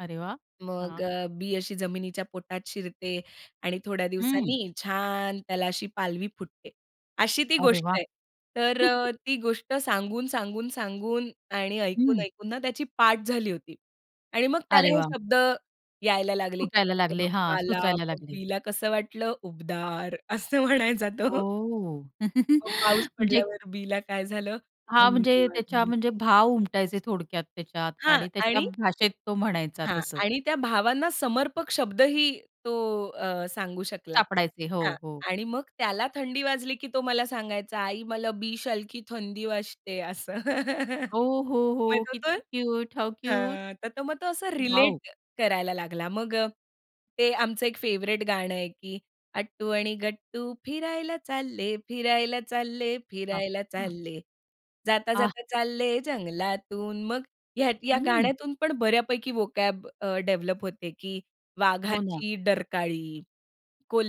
अरे वाह! मग हां. अ, बी अशी जमिनीच्या पोटात शिरते आणि थोड्या हं. दिवसांनी छान त्याला अशी पालवी फुटते. अशी ती अरे गोष्ट वाह! आहे. तर अ, ती गोष्ट सांगून, सांगून, सांगून आणि ऐकून, हं. ऐकून ना त्याची पाठ झाली होती आणि मग अरे त्याला हे वाह! शब्द यायला लागले, की फुटायला "सूर्य लागले बप्पा हां, आला, सुचायला मग लागले. बीला कसं वाटलं? उबदार." असं म्हणायचा तो. ओह! मग पाऊस म्हणजे पडल्यावर बीला काय झालं? हां, थंडी म्हणजे त्याच्या वाजली. म्हणजे भाव उमटायचे थोडक्यात त्याच्यात हां, आणि त्याच्या आणि भाषेत तो म्हणायचा हां, तसं. आणि त्या भावांना समर्पक शब्द ही तो अ, सांगू शकला. सापडायचे. हां, हो, हो. आणि मग त्याला थंडी वाजली की तो मला सांगायचा, "आई, मला बि शालखी थंडी वाजते." असं. ओ, हो, हो. माहीत होतंय? किती क्यूट! How cute! हां, तर मग तो असं वॉव! रिलेट करायला लागला. मग अ, ते आमचं एक फेव्हराइट गाणं आहे की "अट्टू आणि गट्टू फिरायला चालले, फिरायला चालले, फिरायला अच्छा. चालले. आ. जाता-जाता चालले जंगलातून." मग ह्या या हम्म. गाण्यातून पण बऱ्यापैकी व्होकॅब अ, डेव्हलप होते की हो ना. वाघाची डरकाळी,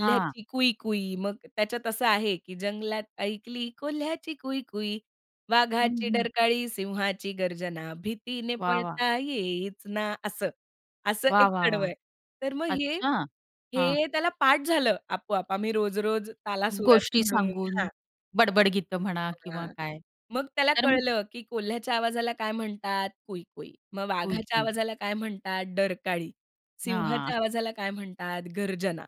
हां. कुई-कुई. मग त्याच्यात असं आहे की. "जंगलात ऐकली कोल्ह्याची कुई-कुई, हं, वाघाची हं. डरकाळी, सिंहाची गर्जना भीतीने वाह, वाह! पळता येईच ना." असं, असं वाह! एक वाह! कडव वाह! आहे. तर मग हे, अच्छा, हां. हे त्याला पाठ झालं आपोआप. आम्ही रोज-रोज तालासुरात गोष्टी म्हणून सांगून, हां. बडबड गीतं म्हणा किंवा हां, काय, मग त्याला तर कळलं की कोल्ह्याच्या आवाजाला काय म्हणतात कुई-कुई. मग वाघाच्या गोष्टी. आवाजाला काय म्हणतात डरकाळी, सिंहाच्या हां. आवाजाला काय म्हणतात गर्जना.